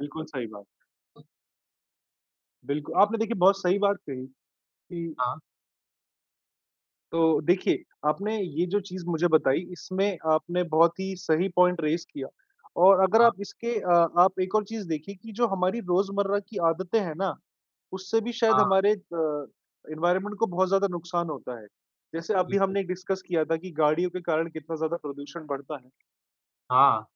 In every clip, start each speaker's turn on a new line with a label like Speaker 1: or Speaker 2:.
Speaker 1: बिल्कुल सही बात। बिल्कु आपने देखिए बहुत सही बात कही कि
Speaker 2: हाँ।
Speaker 1: तो देखिये आपने ये जो चीज़ मुझे बताई इसमें आपने बहुत ही सही पॉइंट रेज़ किया और अगर
Speaker 2: हाँ।
Speaker 1: आप इसके अ, आप एक और चीज़ देखिए कि जो हमारी रोज़मर्रा की आदतें हैं ना, उससे भी शायद
Speaker 2: हाँ।
Speaker 1: हमारे अ, एनवायरनमेंट को बहुत ज़्यादा नुकसान होता है। जैसे अभी
Speaker 2: बिल्कुल।
Speaker 1: हमने डिस्कस किया था कि गाड़ियों के कारण कितना ज़्यादा प्रदूषण बढ़ता है।
Speaker 2: हाँ।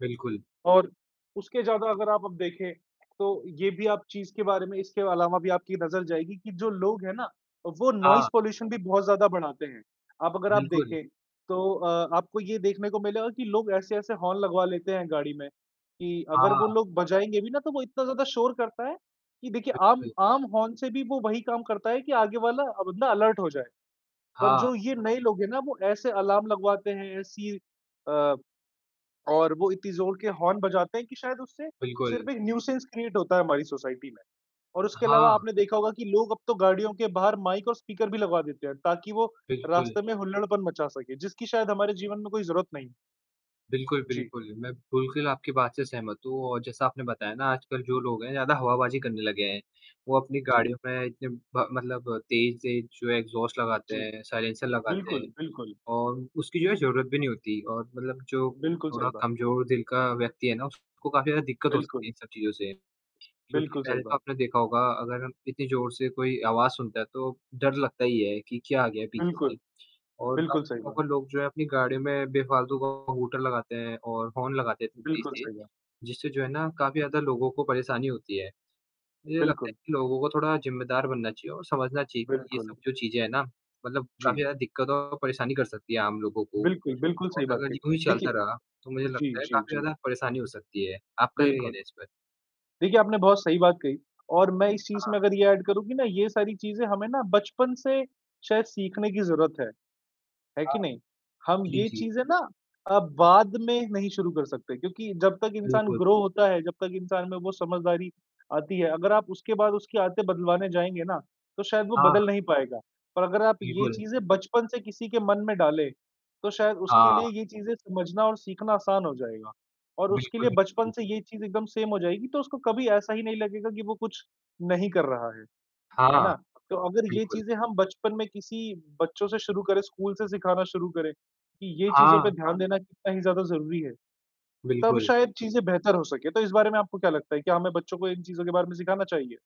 Speaker 2: बिल्कुल।
Speaker 1: और उसके ज़्यादा अगर आप अब देखे, तो ये भी आप चीज़ के बारे में इसके अलावा भी आपकी नज़र जाएगी कि जो लोग है ना वो नोइस
Speaker 2: हाँ।
Speaker 1: पॉल्यूशन भी बहुत ज़्यादा बढ़ाते हैं। अब अगर आप
Speaker 2: बिल्कुल।
Speaker 1: देखें तो अ, आपको ये देखने को मिलेगा कि लोग ऐसे-ऐसे हॉर्न लगवा लेते हैं, गाड़ी में कि
Speaker 2: हाँ,
Speaker 1: अगर वो
Speaker 2: हाँ।
Speaker 1: लोग बजाएँगे भी ना तो वो इतना ज़्यादा शोर करता है कि देखिए आम
Speaker 2: बिल्कुल।
Speaker 1: आम हॉर्न से भी वो वही काम करता है कि आगे वाला बंदा अलर्ट हो जाए। पर
Speaker 2: हाँ।
Speaker 1: जो ये नए लोग है ना वो ऐसे अलार्म लगवाते हैं, ऐसी अ, और वो इतनी ज़ोर के हॉर्न बजाते हैं कि शायद उससे
Speaker 2: बिल्कुल।
Speaker 1: सिर्फ एक न्यूसेंस क्रिएट होता है हमारी सोसाइटी में। और उसके अलावा
Speaker 2: हाँ।
Speaker 1: आपने देखा होगा कि लोग अब तो गाड़ियों के बाहर माइक और स्पीकर भी लगवा देते हैं, ताकि वो
Speaker 2: बिल्कुल।
Speaker 1: रास्ते में हुल्लड़पन मचा सके जिसकी शायद हमारे जीवन में कोई ज़रूरत नहीं है।
Speaker 2: बिल्कुल,
Speaker 1: जी।
Speaker 2: बिल्कुल। मैं बिल्कुल आपकी बात से सहमत हूँ और जैसा आपने बताया ना आजकल जो लोग हैं ज़्यादा हवाबाजी करने लगे हैं। वो अपनी
Speaker 1: जी।
Speaker 2: गाड़ियों में इतने ब मतलब तेज-तेज जो है एक्सहॉस्ट लगाते
Speaker 1: जी,
Speaker 2: हैं, साइलेंसर लगाते हैं
Speaker 1: बिल्कुल, बिल्कुल।
Speaker 2: और उसकी जो है ज़रूरत भी नहीं होती और मतलब जो
Speaker 1: बिल्कुल, सही
Speaker 2: थोड़ा
Speaker 1: बात है।
Speaker 2: कमज़ोर दिल का व्यक्ति है ना उसको काफ़ी ज़्यादा दिक्कत हो सकती
Speaker 1: बिल्कुल।
Speaker 2: है इन सब चीज़ों से। क्योंकि
Speaker 1: बिल्कुल, सही
Speaker 2: पहले तो
Speaker 1: बात।
Speaker 2: आपने देखा होगा अगर हम इतनी ज़ोर से कोई आवाज़ सुनता है तो डर लगता ही है कि क्या आ गया है पीछे
Speaker 1: बिल्कुल,
Speaker 2: से और आप
Speaker 1: बिल्कुल सही बात।
Speaker 2: लोग जो है अपनी गाड़ियों में बेफालतू का हूटर लगाते हैं और हॉर्न लगाते हैं
Speaker 1: बिल्कुल
Speaker 2: तेज़-तेज़।
Speaker 1: सही है।
Speaker 2: जिससे जो है ना काफ़ी ज़्यादा लोगों को परेशानी होती है। मुझे लगता है
Speaker 1: बिल्कुल।
Speaker 2: कि लोगों को थोड़ा ज़िम्मेदार बनना चाहिए और समझना चाहिए कि ये सब
Speaker 1: बिल्कुल।
Speaker 2: जो चीज़ें हैं ना मतलब
Speaker 1: जी।
Speaker 2: काफ़ी ज़्यादा दिक्कत और परेशानी कर सकती है आम लोगों को।
Speaker 1: बिल्कुल, बिल्कुल
Speaker 2: और
Speaker 1: सही बात
Speaker 2: अगर
Speaker 1: कही।
Speaker 2: यूँ ही चलता
Speaker 1: देखिए
Speaker 2: रहा तो मुझे
Speaker 1: जी,
Speaker 2: लगता है
Speaker 1: जी,
Speaker 2: काफ़ी
Speaker 1: जी।
Speaker 2: ज़्यादा परेशानी हो सकती है। आपका क्या
Speaker 1: बिल्कुल।
Speaker 2: कहना है इस पे?
Speaker 1: देखिए आपने बहुत सही बात कही और मैं इस चीज़
Speaker 2: हाँ।
Speaker 1: में अगर ये एड करूँ कि ना ये सारी चीज़ें हमें ना बचपन से शायद सीखने की ज़रूरत है, है
Speaker 2: हाँ।
Speaker 1: कि नहीं? हम
Speaker 2: जी,
Speaker 1: ये
Speaker 2: जी।
Speaker 1: चीज़ें ना अब बाद में नहीं शुरू कर सकते क्योंकि जब तक इंसान
Speaker 2: बिल्कुल।
Speaker 1: ग्रो होता है, जब तक इंसान में वो समझदारी आती है। अगर आप उसके बाद उसकी आदतें बदलवाने जाएँगे ना, तो शायद वो
Speaker 2: हाँ।
Speaker 1: बदल नहीं पाएगा। और अगर आप ये
Speaker 2: बिल्कुल।
Speaker 1: चीज़ें बचपन से किसी के मन में डाले तो शायद उसके लिए
Speaker 2: हाँ।
Speaker 1: ये चीज़ें समझना और सीखना आसान हो जाएगा और उसके
Speaker 2: बिल्कुल,
Speaker 1: लिए बचपन
Speaker 2: बिल्कुल।
Speaker 1: से ये चीज़ एकदम सेम हो जाएगी तो उसको कभी ऐसा ही नहीं लगेगा कि वो कुछ नहीं कर रहा है। है
Speaker 2: हाँ,
Speaker 1: ना? तो अगर ये
Speaker 2: बिल्कुल।
Speaker 1: चीज़ें हम बचपन में किसी बच्चों से शुरू करे, स्कूल से सिखाना शुरू करे कि ये चीज़ों पे
Speaker 2: हाँ।
Speaker 1: ध्यान देना कितना ही ज़्यादा ज़रूरी है। तब
Speaker 2: बिल्कुल।
Speaker 1: शायद चीज़ें बेहतर हो सके। तो इस बारे में आपको क्या लगता है कि हमें बच्चों को इन चीज़ों के बारे में सिखाना चाहिए?